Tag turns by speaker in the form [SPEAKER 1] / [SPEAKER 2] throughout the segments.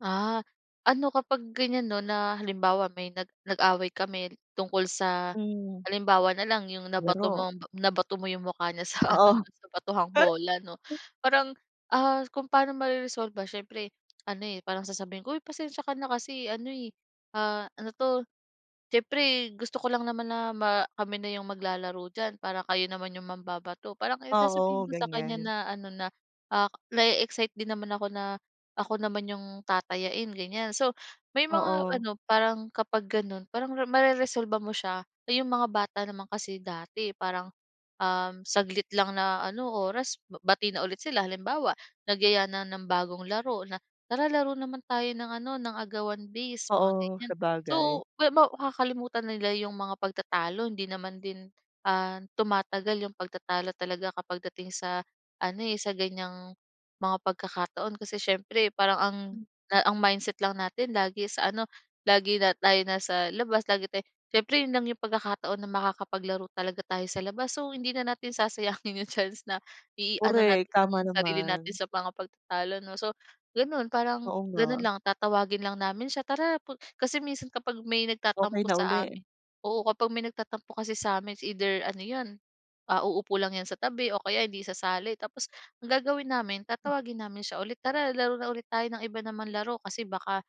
[SPEAKER 1] Ah, ano, kapag ganyan 'no, na halimbawa, may nag nag-away kami tungkol sa
[SPEAKER 2] Hmm.
[SPEAKER 1] halimbawa na lang, yung nabato
[SPEAKER 2] Laro.
[SPEAKER 1] mong nabato mo yung mukha niya sa ano
[SPEAKER 2] Oo.
[SPEAKER 1] 'no, sa batuhang bola 'no, parang, ah kung pano mareresolba siyempre ano, eh, parang sasabihin ko, "Uy pasensiya ka na kasi ano, eh, ah, ano 'to? Siyempre gusto ko lang naman na ma kami na yung maglalaro diyan, parang kayo naman yung mambabato." Parang ayon sasabihin
[SPEAKER 2] Oo,
[SPEAKER 1] ko sa kanya
[SPEAKER 2] ganyan.
[SPEAKER 1] na ano na, ah, na-e-excite din naman ako na, ako naman yung tatayain, ganyan. So, may mga
[SPEAKER 2] Oo.
[SPEAKER 1] ano parang kapag ganon, parang mareresolba mo siya. So, yung mga bata naman kasi dati parang, um, saglit lang na ano, oras, bati na ulit sila, halimbawa, nagyaya na ng bagong laro na "Tara laro naman tayo ng ano, ng agawan base," mga
[SPEAKER 2] Oo,
[SPEAKER 1] ganyan.
[SPEAKER 2] sabagay.
[SPEAKER 1] So, ma maw kakalimutan na nila yung mga pagtatalo, hindi naman din, ah, tumatagal yung pagtatalo talaga kapag dating sa ano, eh, sa ganyang mga pagkakataon, kasi siyempre parang ang
[SPEAKER 2] Hmm.
[SPEAKER 1] ang mindset lang natin lagi sa ano, lagi na tayo nasa labas, lagi tayo siyempre 'yon lang yung pagkakataon na makakapaglaro talaga tayo sa labas. So hindi na natin sasayangin yung chance na i-ano
[SPEAKER 2] Korek,
[SPEAKER 1] natin
[SPEAKER 2] tama
[SPEAKER 1] yung sarili natin
[SPEAKER 2] naman.
[SPEAKER 1] sa mga pagtatalo 'no. So, ganon parang
[SPEAKER 2] Oo
[SPEAKER 1] ganon
[SPEAKER 2] nga.
[SPEAKER 1] lang, tatawagin lang namin siya, "Tara pu" Kasi minsan kapag may
[SPEAKER 2] Okey
[SPEAKER 1] nagtatampo
[SPEAKER 2] na
[SPEAKER 1] sa
[SPEAKER 2] uli.
[SPEAKER 1] amin oo, kapag may nagtatampo kasi sa'min, it's either ano 'yon, ah, uupo lang 'yan sa tabi o kaya hindi isasali tapos ang gagawin namin,
[SPEAKER 2] Hmm.
[SPEAKER 1] tatawagin namin siya ulit, "Tara laro na ulit tayo ng iba naman laro," kasi baka,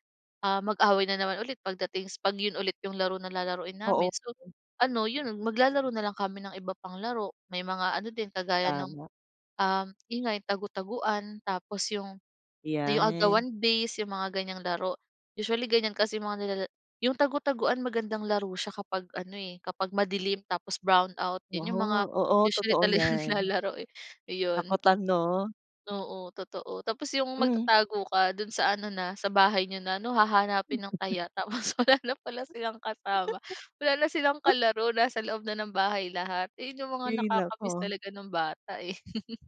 [SPEAKER 1] ah, mag-away na naman ulit pagdating s 'pag 'yon ulit yung laro na lalaruin
[SPEAKER 2] Oo.
[SPEAKER 1] namin. So
[SPEAKER 2] Yon.
[SPEAKER 1] ano 'yon, maglalaro na lang kami ng iba pang laro. May mga ano din, kagaya ng,
[SPEAKER 2] Tama.
[SPEAKER 1] um, 'yon nga yung tagu-taguan tapos yung yung
[SPEAKER 2] 'Yan.
[SPEAKER 1] agawan base, yung mga ganyang laro. Usually, ganyan kasi mga nilala yung tagu-taguan magandang laro siya kapag ano, eh, kapag madilim tapos brown out. 'Yon
[SPEAKER 2] Waha
[SPEAKER 1] yung mga
[SPEAKER 2] Oo,
[SPEAKER 1] usually
[SPEAKER 2] totoo'
[SPEAKER 1] talagang
[SPEAKER 2] yan.
[SPEAKER 1] nilalaro, eh. Ayon.
[SPEAKER 2] Takutan 'no?
[SPEAKER 1] Oo, totoo. Tapos yung
[SPEAKER 2] Hmm.
[SPEAKER 1] magtatago ka do'n sa ano na, sa bahay niyo na 'no? Hahanapin ng taya tapos wala na pala silang kasama, wala na silang kalaro, nasa loob na ng bahay lahat. Ayun yung mga
[SPEAKER 2] Hay
[SPEAKER 1] nakakamiss
[SPEAKER 2] naku.
[SPEAKER 1] talaga no'ng bata, eh.